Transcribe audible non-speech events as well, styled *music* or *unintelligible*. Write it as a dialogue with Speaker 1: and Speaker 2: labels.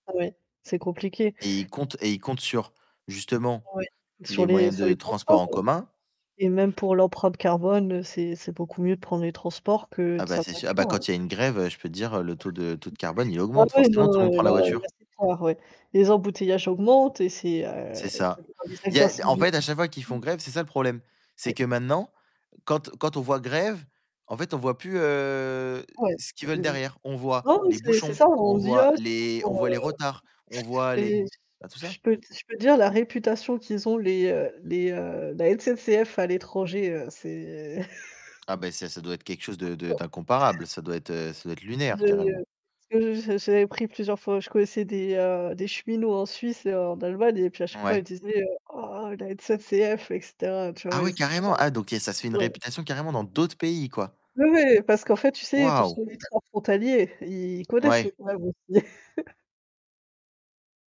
Speaker 1: Ouais, c'est compliqué.
Speaker 2: Et il compte et il compte sur justement
Speaker 1: Ouais. Sur
Speaker 2: les
Speaker 1: les
Speaker 2: moyens
Speaker 1: sur
Speaker 2: de
Speaker 1: les
Speaker 2: transport
Speaker 1: transports.
Speaker 2: en commun.
Speaker 1: Et même pour l'empreinte carbone, heu, c'est c'est beaucoup mieux de prendre les transports que
Speaker 2: Ah bah
Speaker 1: sa
Speaker 2: c'est sûr, ah bah quand
Speaker 1: voiture.
Speaker 2: il y a une grève, heu, je peux te dire, heu, le taux de taux de carbone, il
Speaker 1: Bah
Speaker 2: augmente,
Speaker 1: ouais, non
Speaker 2: forcément tout le monde
Speaker 1: heu,
Speaker 2: prend la
Speaker 1: là
Speaker 2: voiture.
Speaker 1: là c'est fort ouais. Les embouteillages augmentent et c'est heu
Speaker 2: C'est
Speaker 1: et ça
Speaker 2: ça,
Speaker 1: dépend
Speaker 2: Il y a en
Speaker 1: des
Speaker 2: fait, à chaque fois qu'ils font
Speaker 1: mmh
Speaker 2: grève, c'est ça le problème. C'est
Speaker 1: Ouais.
Speaker 2: que maintenant, quand quand on voit grève, en fait, on voit plus heu
Speaker 1: Ouais
Speaker 2: ce
Speaker 1: mmh
Speaker 2: qu'ils
Speaker 1: mmh
Speaker 2: veulent
Speaker 1: mmh
Speaker 2: derrière. On voit
Speaker 1: Non mais
Speaker 2: les
Speaker 1: c'est c'est
Speaker 2: bouchons,
Speaker 1: ça,
Speaker 2: on
Speaker 1: on se dit:
Speaker 2: voit les on
Speaker 1: «Oh»
Speaker 2: voit
Speaker 1: *unintelligible*
Speaker 2: les retards, on voit
Speaker 1: et
Speaker 2: les ben tout
Speaker 1: je
Speaker 2: ça.
Speaker 1: peux je peux dire la réputation qu'ils ont les heu les heu, la SNCF à l'étranger, heu, c'est *chuckles*
Speaker 2: Ah ben ça, ça doit être quelque chose de de
Speaker 1: *sneezes*
Speaker 2: d'incomparable, ça doit être, heu, ça doit être lunaire
Speaker 1: Je, heu
Speaker 2: carrément.
Speaker 1: parce que j'avais j'avais pris plusieurs fois, je connaissais des heu, des cheminots en Suisse et en Allemagne et puis à chaque fois ils
Speaker 2: Ouais.
Speaker 1: disaient heu,: «Oh la SNCF», et cetera, tu
Speaker 2: Ah
Speaker 1: vois? Et
Speaker 2: ouais
Speaker 1: c'était genre
Speaker 2: carrément, ah donc il y a, ça se fait une
Speaker 1: Ouais.
Speaker 2: réputation carrément dans d'autres pays quoi.
Speaker 1: Ouais mais parce qu'en fait tu sais,
Speaker 2: Waouh.
Speaker 1: *unintelligible* des trains frontaliers. Ils connaissent le
Speaker 2: Ouais.
Speaker 1: problème aussi. *chuckles*